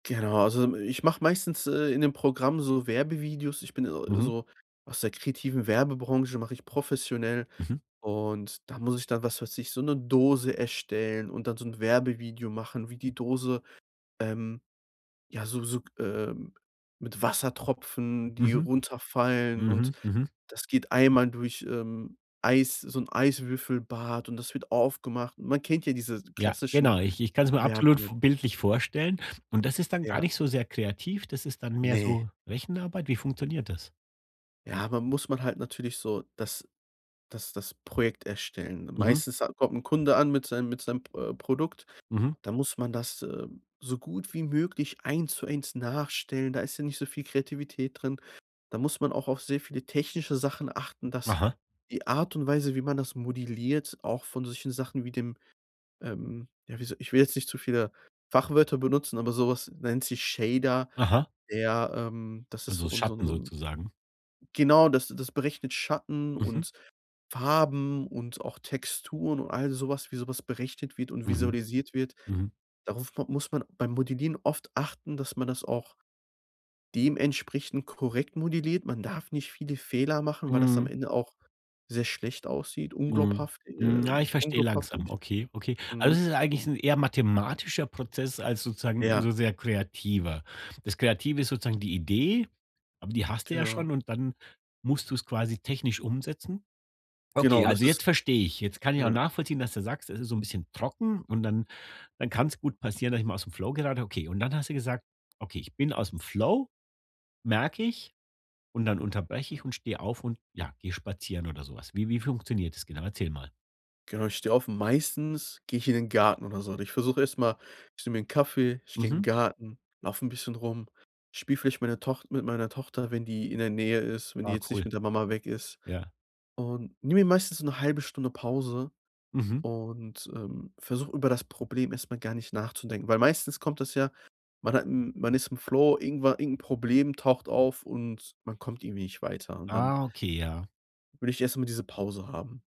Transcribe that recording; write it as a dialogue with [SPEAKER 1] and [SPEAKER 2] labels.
[SPEAKER 1] Genau, also, hm, ich mache meistens, äh, in dem Programm so Werbevideos ich bin, äh,
[SPEAKER 2] Mhm.
[SPEAKER 1] so aus der kreativen Werbebranche mache ich professionell
[SPEAKER 2] Mhm.
[SPEAKER 1] und da muss ich dann, was weiß ich, so 'ne Dose erstellen und dann so 'n Werbevideo machen, wie die Dose, ähm, ja, so so g ähm, mit Wassertropfen, die
[SPEAKER 2] Mhm.
[SPEAKER 1] runterfallen und
[SPEAKER 2] Mhm, mhm.
[SPEAKER 1] das geht einmal durch, ähm, Eis so 'n Eiswürfelbad, und das wird aufgemacht. Man kennt ja diese
[SPEAKER 2] Ja, genau,
[SPEAKER 1] klassischen
[SPEAKER 2] ich i ch kann's mir absolut v
[SPEAKER 1] Werbungen.
[SPEAKER 2] bildlich vorstellen und das ist dann gar
[SPEAKER 1] Ja.
[SPEAKER 2] nicht so sehr kreativ, das ist dann mehr
[SPEAKER 1] Ne.
[SPEAKER 2] so Rechenarbeit? Wie funktioniert das?
[SPEAKER 1] Ja, man muss man halt natürlich so das das das Projekt erstellen,
[SPEAKER 2] Mhm.
[SPEAKER 1] meistens ha kommt 'n Kunde an mit sei mit seinem Pr äh, Produkt,
[SPEAKER 2] Mhm.
[SPEAKER 1] da muss man das, äh, so gut wie möglich eins zu eins nachstellen, da ist ja nicht so viel Kreativität drin, da muss man auch auf sehr viele technische Sachen achten, dass
[SPEAKER 2] Aha.
[SPEAKER 1] die Art und Weise, wie man das modelliert, auch von solchen Sachen wie dem, ähm, ja, wie soll ich will jetzt nicht zu viele Fachwörter benutzen, aber sowas nennt sich Shader
[SPEAKER 2] Aha.
[SPEAKER 1] ja, ähm, das ist so
[SPEAKER 2] Also
[SPEAKER 1] 'n so 'n
[SPEAKER 2] Schatten
[SPEAKER 1] so 'n
[SPEAKER 2] sozusagen?
[SPEAKER 1] Genau, das das berechnet Schatten
[SPEAKER 2] Mhm.
[SPEAKER 1] und Farben und auch Texturen und all sowas wie sowas berechnet wird und
[SPEAKER 2] Mhm.
[SPEAKER 1] visualisiert wird,
[SPEAKER 2] Mhm.
[SPEAKER 1] darauf m muss man beim Modellieren oft achten, dass man das auch dementsprechend korrekt modelliert. Man darf nicht viele Fehler machen, weil das am
[SPEAKER 2] Mhm.
[SPEAKER 1] Ende auch sehr schlecht aussieht,
[SPEAKER 2] Mhm,
[SPEAKER 1] unglaubhaft, äh,
[SPEAKER 2] hm, ja, ich verstehe langsam,
[SPEAKER 1] unglaubwürdig.
[SPEAKER 2] okay, okay, also
[SPEAKER 1] Mhm.
[SPEAKER 2] es ist eigentlich 'n eher mathematischer Prozess als sozusagen
[SPEAKER 1] Ja.
[SPEAKER 2] so sehr kreativer. Das Kreative ist sozusagen die Idee, aber die hast du ja schon
[SPEAKER 1] Genau.
[SPEAKER 2] und dann musst du es quasi technisch umsetzen?
[SPEAKER 1] Genau,
[SPEAKER 2] Okay,
[SPEAKER 1] und das
[SPEAKER 2] also
[SPEAKER 1] ist
[SPEAKER 2] jetzt verstehe ich, jetzt kann ich auch
[SPEAKER 1] ja.
[SPEAKER 2] nachvollziehen, dass du sagst: „Es ist so 'n bisschen trocken, und dann dann kann's gut passieren, dass ich mal ausm Flow gerate.” Okay, und dann hast du gesagt: „Okay, ich bin ausm Flow, merke ich, und dann unterbreche ich und stehe auf und, ja, gehe spazieren oder so was.“ Wie wie funktioniert das genau? Erzähl mal.
[SPEAKER 1] Genau, ich stehe auf und meistens gehe ich in den Garten oder so und ich versuche erst mal ich nehme mir 'n Kaffee, ich gehe in 'n
[SPEAKER 2] Mhm.
[SPEAKER 1] Garten, laufe 'n bisschen rum, spiele vielleicht meiner Toch mit meiner Tochter, wenn die in der Nähe ist, wenn die
[SPEAKER 2] Ah,
[SPEAKER 1] jetzt nicht
[SPEAKER 2] cool.
[SPEAKER 1] mit der Mama weg ist,
[SPEAKER 2] Ja.
[SPEAKER 1] und nehme mir meistens 'ne 1/2 Stunde Pause
[SPEAKER 2] Mhm.
[SPEAKER 1] und, ähm, versuche, über das Problem erst mal gar nicht nachzudenken, weil meistens kommt das ja, man hat man ist im Flow, irgenwa irgendein Problem taucht auf und man kommt irgendwie nicht weiter und dann
[SPEAKER 2] Ah, okay, ja.
[SPEAKER 1] will ich erst mal diese Pause haben.